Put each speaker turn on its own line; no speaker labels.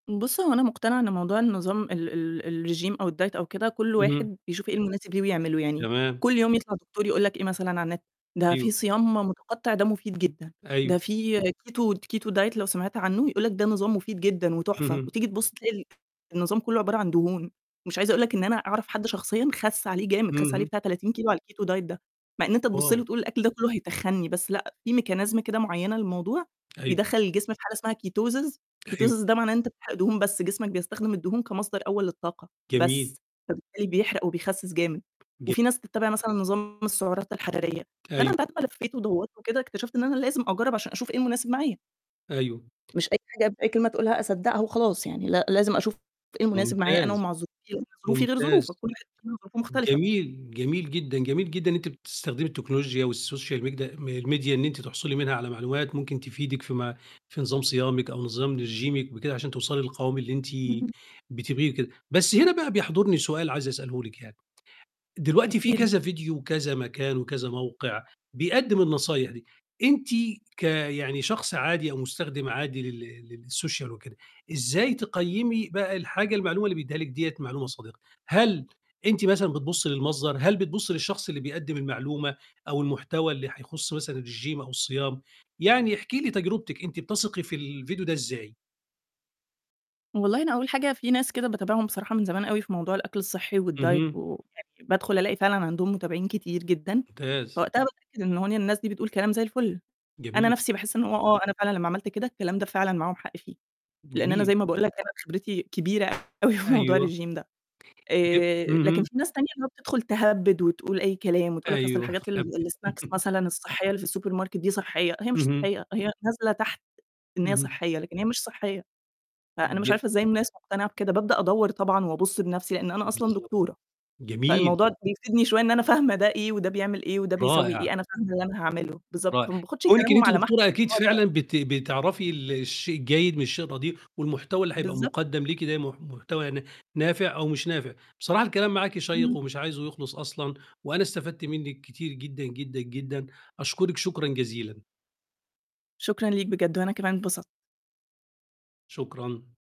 بُص، هو أنا مقتنعة إن موضوع النظام ال ال الرجيم أو الdiet، أو كده، كُلّ
اهم.
واحد بيشوف إيه المناسب ليه ويعمله يعني
تمام.
كُلّ يوم يطلع دكتور يقول لك إيه مثلًا على النت: "ده في
أيوه.
صيام متقطع ده مفيد جدًا،
أيوه.
ده فيه Keto Keto diet" لو سمعت عنه يقول لك: "ده نظام مفيد جدًا وتحفة"
اهم.
وتيجي تبُص تلاقي النظام كُلّه عبارة عن دهون. مش عايزة أقول لك إن أنا أعرف حد شخصيًا خَس عليه جامد، خس عليه
اهم.
بتاع 30 كيلو على الKeto diet ده مع إن أنت تبُص له
واو!
وتقول الأكل ده كُلّه هيتخنّي، بس لأ في Mechanism كده معينة للموضوع،
أيوه.
بيدّخل الجسم في حالة اسمها Ketosis،
أيوه.
Ketosis ده معناه إن أنت بتحرق دهون بس، جسمك بيستخدم الدهون كمصدر أول للطاقة بس،
جميل.
فبالتالي بيحرق وبيخسس جامد.
ج
وفي ناس بتتابع مثلًا نظام السعرات الحرارية فأنا
أيوه.
بعد ما لفيت ودوّرت وكده، اكتشفت إن أنا لازم أجرّب عشان أشوف إيه المناسب معايا.
أيوه.
مش أي حاجة بأي كلمة تقولها أصدّقها وخلاص يعني لا لازم أشوف إيه المناسب معايا أنا
ممتاز.
ومع ظروفي، لإن ظروفي غير
ممتاز.
ظروفك، كُلّ واحد فينا ظروفه مختلفة.
جميل، جميل جدًا، جميل جدًا إن أنتِ بتستخدمي التكنولوجيا والSocial Media م الMedia إن أنتِ تحصلي منها على معلومات ممكن تفيدِك في ما في نظام صيامِك أو نظام رجيمِك بكده عشان توصلي للقوام اللي أنتِ
امم.
بتبغيه وكده. بس هنا بقى بيحضرني سؤال عايز أسأله لِك يعني، دلوقتي في
أكيد.
كذا فيديو، وكذا مكان، وكذا موقع بيقدّم النصايح دي، أنتِ كيعني شخص عادي أو مستخدم عادي لل للSocial وكده، إزاي تقيّمي بقى الحاجة المعلومة اللي بيدّيها لِك ديّة معلومة صادقة؟ هل أنتِ مثلًا بتبُصّي للمصدر؟ هل بتُبصّي للشخص اللي بيقدّم المعلومة أو المحتوى اللي هيخص مثلًا الرجيم أو الصيام؟ يعني احكي لي تجربتِك، أنتِ بتثقي في الفيديو ده إزاي؟
والله أنا أول حاجة في ناس كده باتابعهم بصراحة من زمان أوي في موضوع الأكل الصحي والdiet،
اهم.
ويعني بادخل ألاقي فعلًا عَندهم متابعين كتير جدًا،
ممتاز.
فوقتها باتأكد إن هو إن الناس دي بتقول كلام زي الفُل. أنا
جميل.
نَفْسي باحس إن هو آه أنا فعلًا لمّا عملت كده الكلام ده فعلًا معاهم حق فيه، لإن أنا
جميل.
زي ما باقول لك أنا خبرتي كبيرة أوي في موضوع
أيوه.
الرجيم ده.
ج
آآ لكن
اهم.
في ناس تانية اللي هو بتدخل تهبّد وتقول أي كلام وتقول لك: "أصل
أيوه،
الحاجات ال
تهبّد.
الsnacks مثلًا الصحية اللي في الSupermarket دي صحية." هي مش
اهم.
صحية هي نازلة تحت إن هي
اهم.
صحية، لكن هي مش صحية. فأنا مش
ج
عارفة إزاي الناس مقتنعة بكده. بابدأ أدوّر طبعًا وأبُص بنَفْسي لأن أنا أصلًا
بالضبط،
دكتورة،
جميل.
فالموضوع ده بيفيدني شوية إن أنا فاهمة ده إيه، وده بيعمل إيه، وده بيسوي
رائع.
إيه، أنا فاهمة اللي أنا هاعمله، بالضبط،
رائع.
فما باخدش
كونِك إن
كلامهم
أنتِ
على محمل
دكتورة
إن
أكيد
هو ده
فعلًا بت بتعرفي ال الشيء الجيد من الشيء الردئ، والمحتوى اللي هيبقى
بالضبط
مُقدَم ليكِ ده مح محتوى يعني نافع أو مش نافع. بصراحة الكلام معاكِ شيق
اهم.
ومش عايزُه يخلص أصلًا وأنا استفدت منِك كتير جدًا، جدًا، جدًا. أشكرِك شكرًا جزيلًا.
شكرًا ليك بجد، وأنا كمان اتبسطت.
شكرًا.